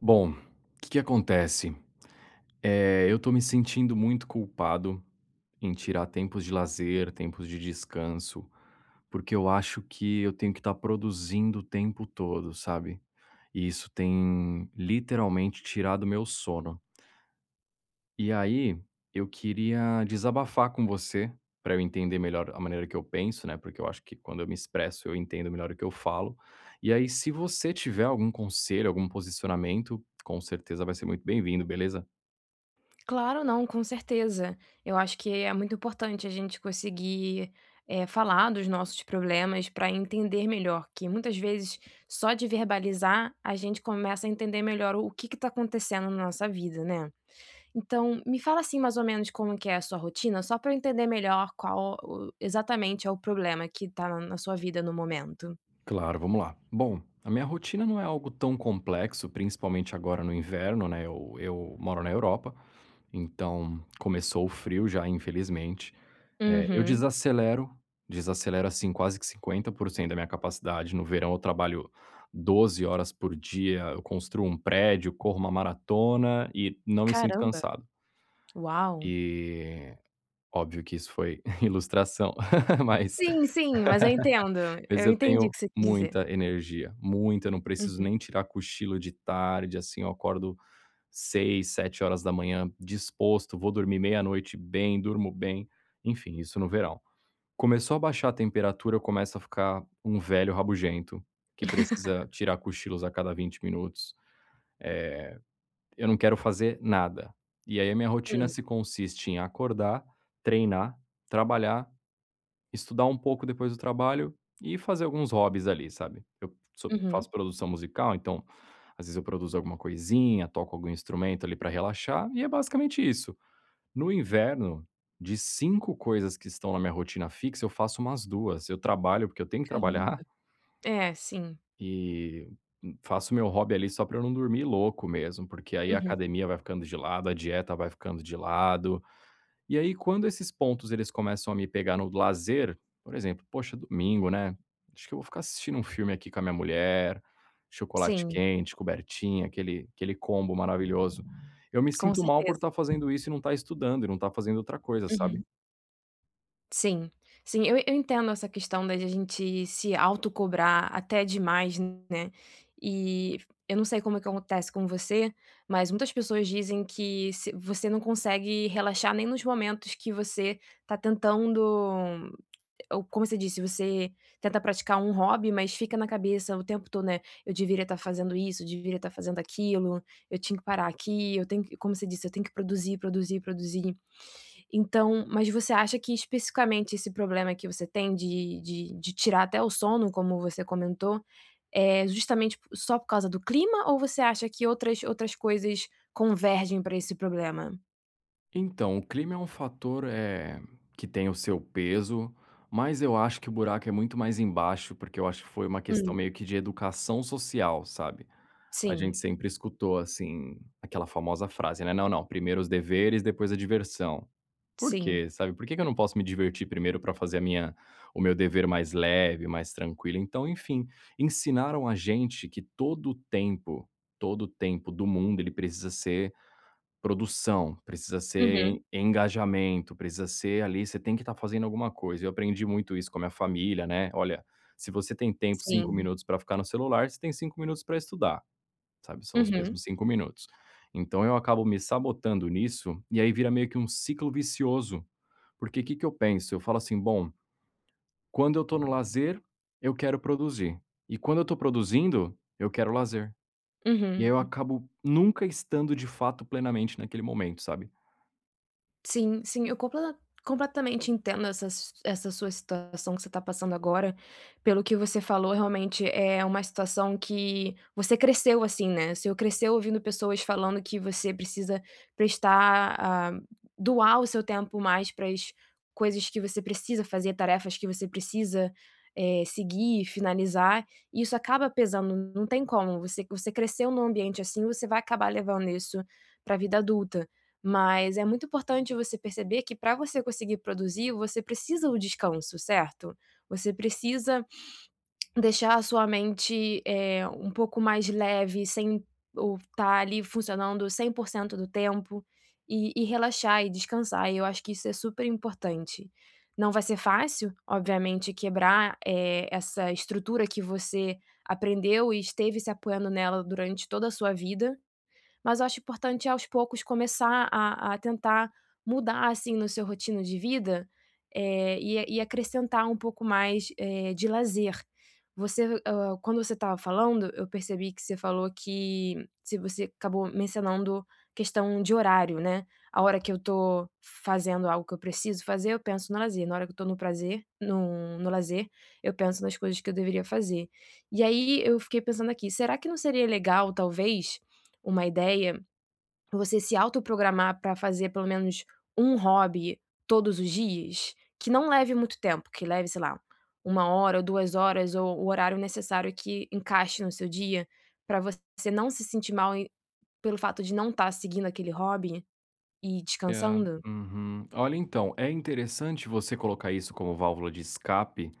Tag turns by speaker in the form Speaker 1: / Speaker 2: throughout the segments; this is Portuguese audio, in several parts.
Speaker 1: Bom, que que acontece? Eh, eu tô me sentindo muito culpado em tirar tempos de lazer, tempos de descanso, porque eu acho que eu tenho que estar produzindo o tempo todo, sabe. E isso tem literalmente tirado o meu sono. E aí, eu queria desabafar com você, pra eu entender melhor a maneira que eu penso, né. Porque eu acho que quando eu me expresso eu entendo melhor o que eu falo. E aí, se você tiver algum conselho, algum posicionamento, com certeza vai ser muito bem-vindo, beleza?
Speaker 2: Claro não, com certeza. Eu acho que é muito importante a gente conseguir, eh, falar dos nossos problemas pra entender melhor, que muitas vezes só de verbalizar a gente começa a entender melhor o que que tá acontecendo na nossa vida, né. Então me fala assim, mais ou menos, como que é a sua rotina só pra eu entender melhor qual o exatamente é o problema que tá n na sua vida no momento.
Speaker 1: Claro, vamos lá. Bom, a minha rotina não é algo tão complexo principalmente agora no inverno, né, eu eu moro na Europa, então começou o frio já, infelizmente. Eh, eu
Speaker 2: Uhum.
Speaker 1: desacelero, desacelero assim quase que 50% da minha capacidade. No verão, eu trabalho 12 horas por dia, eu construo um prédio, corro uma maratona e não me sinto
Speaker 2: Caramba.
Speaker 1: cansado.
Speaker 2: Uau.
Speaker 1: E, óbvio que isso foi ilustração, mas,
Speaker 2: Sim, sim, mas eu entendo.
Speaker 1: mas
Speaker 2: Eu
Speaker 1: eu
Speaker 2: entendi o
Speaker 1: tenho
Speaker 2: que você quis dizer.
Speaker 1: muita energia, muita. Não preciso
Speaker 2: Uhum.
Speaker 1: nem tirar cochilo de tarde assim. Eu acordo 6h, 7h disposto. Vou dormir meia-noite bem, durmo bem. Enfim, isso no verão. Começou a abaixar a temperatura eu começo a ficar um velho rabugento, que precisa tirar cochilos a cada 20 minutos. Eh, eu não quero fazer nada. E aí a minha rotina
Speaker 2: Hum.
Speaker 1: se consiste em acordar, treinar, trabalhar, estudar um pouco depois do trabalho e fazer alguns hobbies ali, sabe. Eu so
Speaker 2: Uhum.
Speaker 1: faço produção musical então, às vezes eu produzo alguma coisinha, toco algum instrumento ali pra relaxar, e é basicamente isso. No inverno, de 5 coisas que estão na minha rotina fixa eu faço umas 2. Eu trabalho porque eu tenho que
Speaker 2: Caramba.
Speaker 1: trabalhar.
Speaker 2: É, sim.
Speaker 1: E faço o meu hobby ali só pra eu não dormir louco mesmo. Porque aí a
Speaker 2: Uhum.
Speaker 1: academia vai ficando de lado, a dieta vai ficando de lado. E aí, quando esses pontos eles começam a me pegar no lazer, por exemplo: "Poxa, domingo, né, acho que eu vou ficar assistindo um filme aqui com a minha mulher. Chocolate
Speaker 2: Sim.
Speaker 1: quente, cobertinha, aquele aquele combo maravilhoso". Eu me
Speaker 2: Com
Speaker 1: sinto mal por
Speaker 2: certeza.
Speaker 1: estar fazendo isso e não estar estudando e não estar fazendo outra coisa, sabe?
Speaker 2: Uhum. Sim. Sim. Eu eu entendo essa questão da de a gente se autocobrar até demais, né. E eu não sei como é que acontece com você, mas muitas pessoas dizem que se você não consegue relaxar nem nos momentos que você tá tentando, como você disse, você tenta praticar um hobby mas fica na cabeça o tempo todo, né: "Não, eu deveria estar fazendo isso, deveria estar fazendo aquilo, eu tinha que parar aqui, eu tenho que", como você disse: "Tenho que produzir, produzir, produzir". Então, mas você acha que especificamente esse problema que você tem de de de tirar até o sono, como você comentou, é justamente só por causa do clima? Ou você acha que outras outras coisas convergem pra esse problema?
Speaker 1: Então, o clima é um fator, eh, que tem o seu peso, mas eu acho que o buraco é muito mais embaixo. Porque eu acho que foi uma questão
Speaker 2: Hum.
Speaker 1: meio que de educação social, sabe. A
Speaker 2: Sim.
Speaker 1: gente sempre escutou assim aquela famosa frase, né: "Não não, primeiro os deveres, depois a diversão". Por
Speaker 2: Sim.
Speaker 1: quê? Sabe. Por que que eu não posso me divertir primeiro pra fazer a minha o meu dever mais leve, mais tranquilo? Então enfim, ensinaram a gente que todo o tempo todo o tempo do mundo ele precisa ser produção, precisa ser
Speaker 2: Uhum.
Speaker 1: en engajamento, precisa ser ali você tem que estar fazendo alguma coisa. Eu aprendi muito isso com a minha família, né: "Olha, se você tem tempo 5
Speaker 2: Sim.
Speaker 1: minutos pra ficar no celular, você tem 5 minutos pra estudar". Sabe. São os
Speaker 2: Uhum.
Speaker 1: mesmos 5 minutos. Então eu acabo me sabotando nisso, e aí, vira meio que um ciclo vicioso. Porque que que eu penso? Eu falo assim: "Bom, quando eu tô no lazer, eu quero produzir, e quando eu tô produzindo, eu quero lazer". E aí, eu
Speaker 2: Uhum.
Speaker 1: acabo nunca estando de fato plenamente naquele momento, sabe?
Speaker 2: Sim, sim. Eu completa completamente entendo essa s essa sua situação que você tá passando agora. Pelo o que você falou, realmente é uma situação que você cresceu assim, né. Você cresceu ouvindo pessoas falando que você precisa prestar a doar o seu tempo mais para as coisas que você precisa fazer, tarefas que você precisa, eh, seguir e finalizar. Isso acaba pesando, não tem como. Você você cresceu em um ambiente assim, você vai acabar levando isso pra vida adulta. Mas é muito importante você perceber que para você conseguir produzir, você precisa o descanso, certo? Você precisa deixar a sua mente, eh, um pouco mais leve, sem o estar ali funcionando 100%, do tempo, e e relaxar e descansar, e eu acho que isso é superimportante. Não vai ser fácil, obviamente, quebrar, eh, essa estrutura que você aprendeu e esteve se apoiando nela durante toda a sua vida, mas eu acho importante, aos poucos, começar a a tentar mudar, assim, no seu rotina de vida, eh, e e acrescentar um pouco mais, eh, de lazer. Você o quando você estava falando, eu percebi que você falou que se você acabou mencionando questão de horário, né. A hora que eu tô fazendo algo que eu preciso fazer, eu penso no lazer. Na hora que eu estou no prazer no no lazer, eu penso nas coisas que eu deveria fazer. E aí eu fiquei pensando aqui, será que não seria legal, talvez, uma ideia, você se auto programar para fazer pelo menos 1, hobby todos os dias? Que não leve muito tempo, que leve, sei lá, 1, hora ou 2, horas, ou o horário necessário que encaixe no seu dia, pra você não se sentir mal e pelo fato de não estar seguindo aquele hobby, e
Speaker 1: É,
Speaker 2: descansando?
Speaker 1: uhum. Olha então, é interessante você colocar isso como válvula de escape.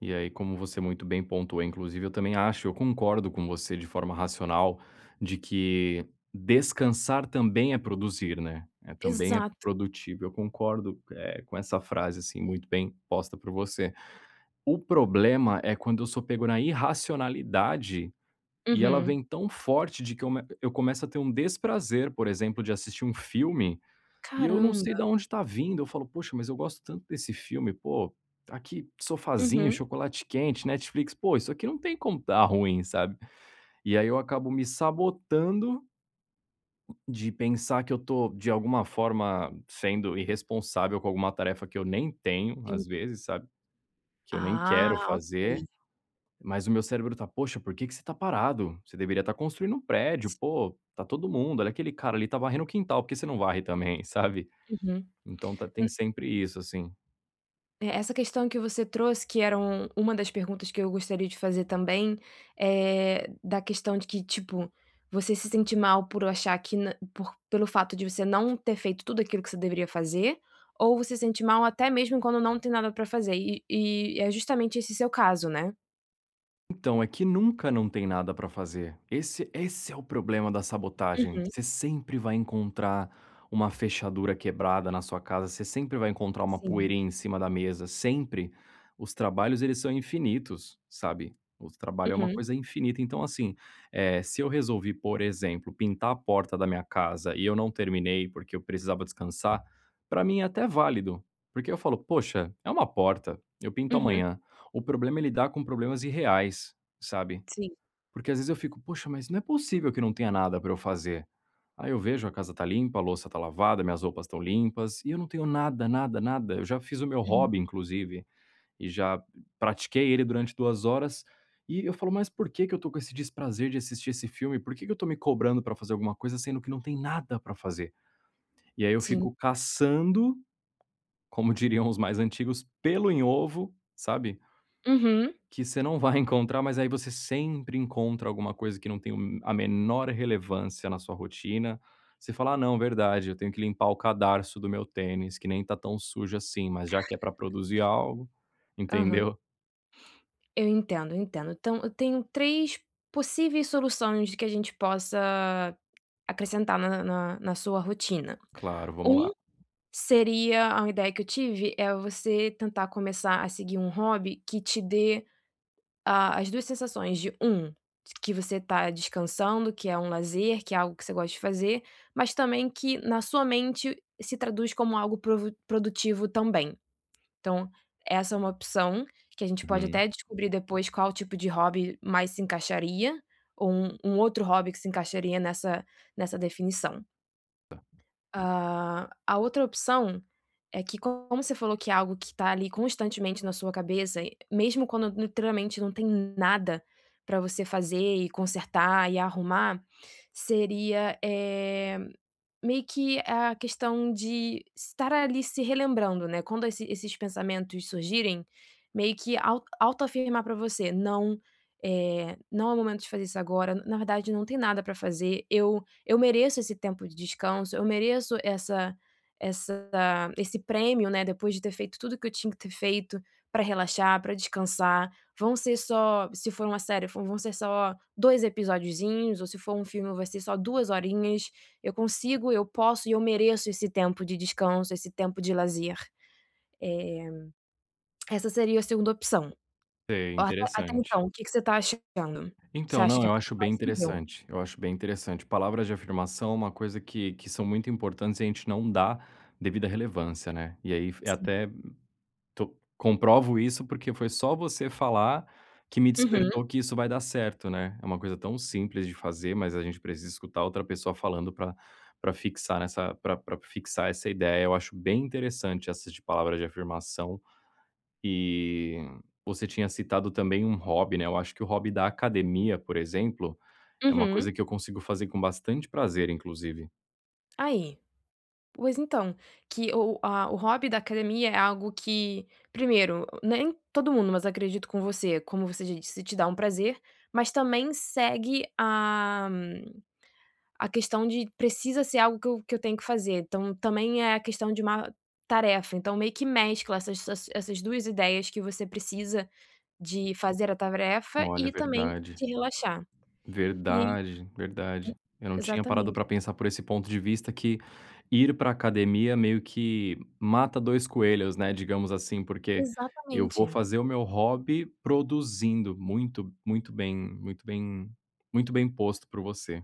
Speaker 1: E aí, como você muito bem pontuou, inclusive, eu também acho eu concordo com você de forma racional, de que descansar também é produzir, né. É também é
Speaker 2: Exato.
Speaker 1: produtivo, eu concordo, eh, com essa frase assim muito bem posta por você. O problema, é quando eu sou pego na irracionalidade, e ela
Speaker 2: Uhum.
Speaker 1: vem tão forte de que eu eu começo a ter um desprazer, por exemplo, de assistir um filme, e eu não sei
Speaker 2: Caramba.
Speaker 1: da onde está vindo, eu falo: "Poxa, mas eu gosto tanto desse filme, pô, aqui sofázinho,
Speaker 2: Uhum.
Speaker 1: chocolate quente, Netflix, pô isso aqui não tem como estar ruim, sabe". E aí eu acabo me sabotando, de pensar que eu estou de alguma forma sendo irresponsável com alguma tarefa que eu nem tenho, às
Speaker 2: Entendi.
Speaker 1: vezes, sabe. Que eu nem
Speaker 2: Ah,
Speaker 1: quero fazer,
Speaker 2: ok.
Speaker 1: mas o meu cérebro tá: "Poxa, porque que você está parado? Você deveria estar construindo um prédio, pô, tá todo mundo, olha aquele cara ali, está varrendo o quintal, por você não varre também.", sabe.
Speaker 2: Uhum,
Speaker 1: Então tá tem
Speaker 2: um
Speaker 1: sempre isso assim.
Speaker 2: É, essa questão que você trouxe, que eram uma das perguntas que eu gostaria de fazer também, eh, da questão de que tipo, você se sente mal por achar que n por pelo fato de você não ter feito tudo aquilo que você deveria fazer, ou você se sente mal até mesmo quando não tem nada para fazer? E e é justamente esse seu caso, né?
Speaker 1: Então, é que nunca não tem nada para fazer, esse esse é o problema da sabotagem,
Speaker 2: Uhum.
Speaker 1: você sempre vai encontrar uma fechadura quebrada na sua casa, você sempre vai encontrar uma
Speaker 2: Sim.
Speaker 1: poeira em cima da mesa, sempre. Os trabalhos, eles são infinitos, sabe, o trabalho é uma
Speaker 2: Uhum.
Speaker 1: coisa infinita, então, assim, eh, se eu resolvi, por exemplo, pintar a porta da minha casa e eu não terminei, porque eu precisava descansar, pra mim é até válido, porque eu falo: "Poxa, é uma porta, eu pinto
Speaker 2: Uhum.
Speaker 1: amanhã." O problema é lidar com problemas irreais, sabe?
Speaker 2: Sim.
Speaker 1: Porque às vezes eu fico: "Poxa, mas não é possível que não tenha nada pra eu fazer.", aí eu vejo a casa está limpa, a louça está lavada, minhas roupas limpas, e eu não tenho nada, nada, nada, eu já fiz o meu
Speaker 2: Uhum.
Speaker 1: hobby, inclusive, e já pratiquei ele durante 2 horas, e eu falo: "Mas por que que eu estou com esse desprazer de assistir esse filme? Por que que eu estou me cobrando para fazer alguma coisa, sendo que não tem nada para fazer?", e aí eu
Speaker 2: Sim.
Speaker 1: fico caçando, como diriam os mais antigos, pelo em ovo, sabe
Speaker 2: Uhum.
Speaker 1: que você não vai encontrar, mas aí você sempre encontra alguma coisa que não tem o a menor relevância na sua rotina. Você fala: "Ah, não, verdade, eu tenho que limpar o cadarço do meu tênis que nem tá tão sujo assim, mas já que é para produzir algo".
Speaker 2: Aham.
Speaker 1: Entendeu?
Speaker 2: Eu entendo, eu entendo. Então, eu tenho 3 possíveis soluções de que a gente possa acrescentar na na na sua rotina.
Speaker 1: Claro, vamos
Speaker 2: 1,
Speaker 1: lá!
Speaker 2: seria a uma ideia que eu tive, é você tentar começar a seguir um hobby que te dê a as 2 sensações de 1, que você está descansando, que é um lazer, que é algo que você gosta de fazer, mas também que na sua mente, se traduz como algo pro produtivo também. Então, essa é uma opção que a gente pode
Speaker 1: Uhum.
Speaker 2: até descobrir depois qual tipo de hobby mais se encaixaria, ou um um outro hobby que se encaixaria nessa nessa definição.
Speaker 1: Tá
Speaker 2: Ah, a outra opção é que como você falou que é algo que tá ali constantemente na sua cabeça, mesmo quando literalmente não tem nada pra você fazer e consertar e arrumar, seria, eh, meio que a questão de estar ali se relembrando, né, quando esse esses pensamentos surgirem, meio que au autoafirmar pra você: "Não, eh, não é o momento de fazer isso agora. Na verdade, não tem nada para fazer, eu eu mereço esse tempo de descanso, eu mereço essa essa esse prêmio, né, depois de ter feito tudo que eu tinha que ter feito, pra relaxar, pra descansar. Vão ser só se for uma série, vão vão ser só 2 episodozinhos ou se for um filme vai ser só 2 horinhas, eu consigo, eu posso e eu mereço esse tempo de descanso, esse tempo de lazer". Eh, essa seria a 2ª opção.
Speaker 1: É,
Speaker 2: At até
Speaker 1: interessante.
Speaker 2: então, que que você tá achando, você
Speaker 1: Então.
Speaker 2: acha
Speaker 1: Não,
Speaker 2: que é
Speaker 1: eu
Speaker 2: tudo
Speaker 1: acho bem
Speaker 2: plausível?
Speaker 1: interessante, eu acho bem interessante, palavras de afirmação é uma coisa que que são muito importante, e a gente não dá a devida relevância, né? E aí f é
Speaker 2: Sim.
Speaker 1: até to comprovo isso, porque foi só você falar que me
Speaker 2: Uhum.
Speaker 1: despertou que isso vai dar certo, né, é uma coisa tão simples de fazer, mas a gente precisa escutar outra pessoa falando pra pra fixar nessa pra pra fixar essa ideia. Eu acho bem interessante essa de palavra de afirmação. E você tinha citado também um hobby, né, eu acho que o hobby da academia, por exemplo, é uma
Speaker 2: Uhum.
Speaker 1: coisa que eu consigo fazer com bastante prazer, inclusive.
Speaker 2: Aí, pois então, que o a o hobby da academia é algo que primeiro nem todo mundo mas acredito com você, como você disse te dá um prazer, mas também segue a a questão de precisa ser algo que eu que eu tenho que fazer, então também é a questão de uma tarefa, então meio que mescla essas essas essas 2 ideias que você precisa de fazer a tarefa
Speaker 1: olha,
Speaker 2: e também
Speaker 1: verdade.
Speaker 2: te relaxar. e aí
Speaker 1: verdade, verdade. Eu não tinha parado
Speaker 2: exatamente.
Speaker 1: para pensar por esse ponto de vista que ir para academia meio que mata 2 coelhos, né, digamos assim, porque eu vou
Speaker 2: Exatamente.
Speaker 1: fazer o meu hobby produzindo muito muito bem muito bem muito bem posto por você.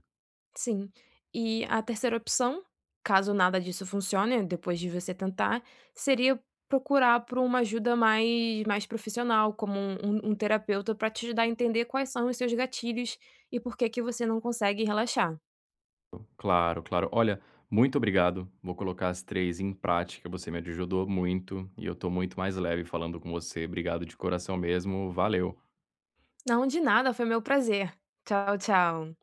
Speaker 2: Sim, e a 3ª opção, caso nada disso funcione depois de você tentar, seria procurar por uma ajuda mais mais profissional como um um um terapeuta para te dar a entender quais são os seus gatilhos e por que que você não consegue relaxar.
Speaker 1: claro, claro, olha muito obrigado, vou colocar as 3 em prática, você me ajudou muito e eu estou muito mais leve falando com você, obrigado de coração mesmo, valeu.
Speaker 2: Não, de nada foi meu prazer. Tchau, tchau.